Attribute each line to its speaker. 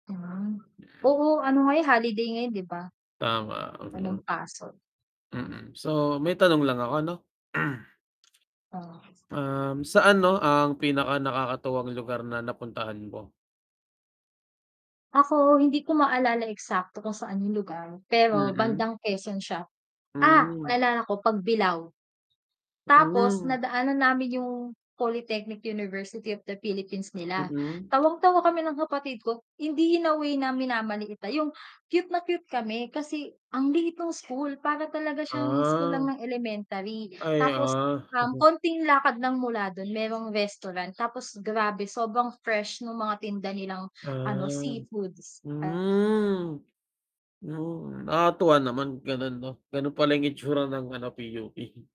Speaker 1: Ah. Oo nga. Oo, ano ngayon, holiday ngayon, 'di ba?
Speaker 2: Tama, mm.
Speaker 1: Walang pasok.
Speaker 2: Mm. So, may tanong lang ako ano?
Speaker 1: Ah.
Speaker 2: Uhm, saan 'no ang pinaka -nakakatuwang lugar na napuntahan mo?
Speaker 1: Ako hindi ko maalala eksakto kung saan yung lugar, pero
Speaker 2: Mm.
Speaker 1: bandang Quezon siya. Ah,
Speaker 2: Hmm.
Speaker 1: naalala ko, Pagbilao. Tapos,
Speaker 2: Hmm.
Speaker 1: nadaanan namin yung Polytechnic University of the Philippines nila.
Speaker 2: Mm.
Speaker 1: Tawang tawa kami ng kapatid ko, hindi in away na minamaliit, ah, yung cute na cute kami kasi ang liit no'ng school, para talaga siyang school lang
Speaker 2: Ah.
Speaker 1: ng elementary.
Speaker 2: Ay,
Speaker 1: Tapos
Speaker 2: ah.
Speaker 1: ah, konting lakad lang mula dun merong restaurant, tapos grabe sobrang fresh nung mga tinda nilang ano,
Speaker 2: Ah,
Speaker 1: seafoods.
Speaker 2: Hmm. Hmm nakakatuwa naman gano'n 'no? Gano'n pala yung itsura ng ano, PUP.